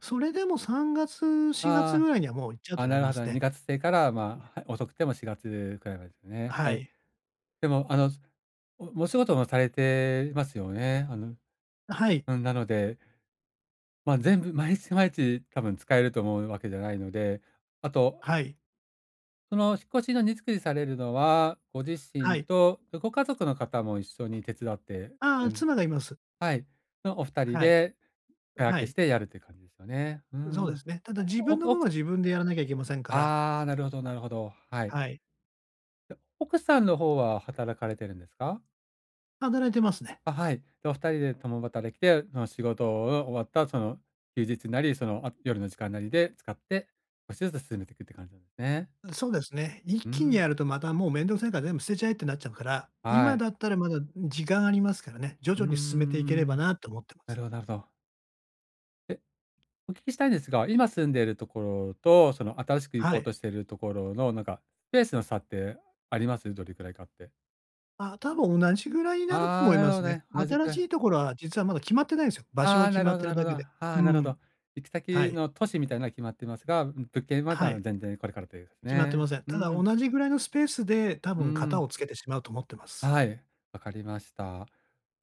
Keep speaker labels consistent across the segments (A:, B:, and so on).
A: それでも3月、4月
B: あ
A: ぐらいには、もう行っちゃう
B: あ、
A: と
B: あ、
A: 思
B: な
A: い
B: る
A: ま
B: ほ
A: す
B: ど。に
A: ね。
B: がつ末から、
A: は
B: ま
A: い。
B: あ、遅くても4月くらいまでですね。は
A: は
B: い。
A: い。
B: でも、あの、おお仕事もされてますよね。あの
A: はい。
B: うん、なのでま、全部、毎日毎日多分使えると思うわけじゃないので。あと
A: はい。
B: その、引っ越しの荷造りされるのは、ご自
A: は
B: 身
A: い。
B: とごご家族の方も一緒に手伝って、
A: ああ、
B: うん
A: 妻がいます。
B: はい、のお2人
A: はい。
B: で
A: ん、
B: 手
A: は
B: 分けし
A: い。
B: てやるって感じですよね。うー
A: ん、そうで
B: ん。
A: すね。ただ自
B: お
A: 分の
B: くお
A: 分
B: く
A: は自分でやらなきゃいけませんから。
B: ああ、なるほどなるほど。はい。
A: はい。
B: で、奥さんの方
A: [unintelligible]
B: は働かれてるんですか？
A: 働いてますね。
B: あ、はい、と、お2人で共働きで、その仕事が終わった、その休日なり、その、あ、夜の時間なりで使って、少しずつ進めていくって感じなんですね。
A: うん、そうですね。一
B: うー
A: 気に
B: ん。
A: やると、またもう面倒くさいから全部捨てちゃえってなっちゃうから。
B: は
A: 今
B: い。
A: だったら、まだ時間ありますからね。徐
B: うん
A: 々
B: うんう
A: に進めていければ
B: ん。
A: なと思ってます。
B: なるほどなるほど。え、お聞きしたいんですが、今住んでる所と、その、新しく行
A: は
B: こう
A: い。
B: としてる所の、なんか、スペースの差ってあります？どれくらいかって。
A: あ、多分同じぐらいになると
B: ああ、
A: 思い
B: なる
A: ま
B: ほ
A: す
B: ど
A: ね。
B: ね、同じ
A: 新し
B: く。
A: い所は、実はまだ決まってないんすよ。場所
B: あ
A: が
B: あ、
A: 決
B: なる
A: まっ
B: ほど
A: てる
B: なる
A: だ
B: ほど。
A: けで。
B: あ
A: うー
B: あ、なるほ
A: ん。
B: ど。行く
A: は
B: 先
A: い。
B: の都市みたいのは決まっていますが、うん、物件はだ
A: は
B: あの、
A: い。
B: 全然これからと言うす
A: 決まって
B: ね。
A: ません。
B: う
A: ただ
B: ーん。
A: 同じぐらいのスペースで、多
B: うー
A: 分方
B: ん。
A: をつけてしまうと思ってます。
B: はい、分かりました。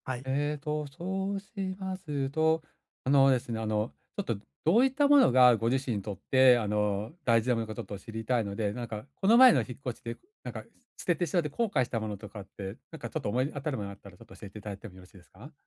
A: はい。
B: ええと、そうしますと、あのですね、あの、ちょっと、どう言った物がご自身にとって、あの、大事な物かちょっと知りたいので、なんか、この前の引っ越しで、なんか、捨ててしまって後悔したものとかって、なんか、ちょっと、思い当たるものあったら、ちょっと教えて頂いても宜しいですか？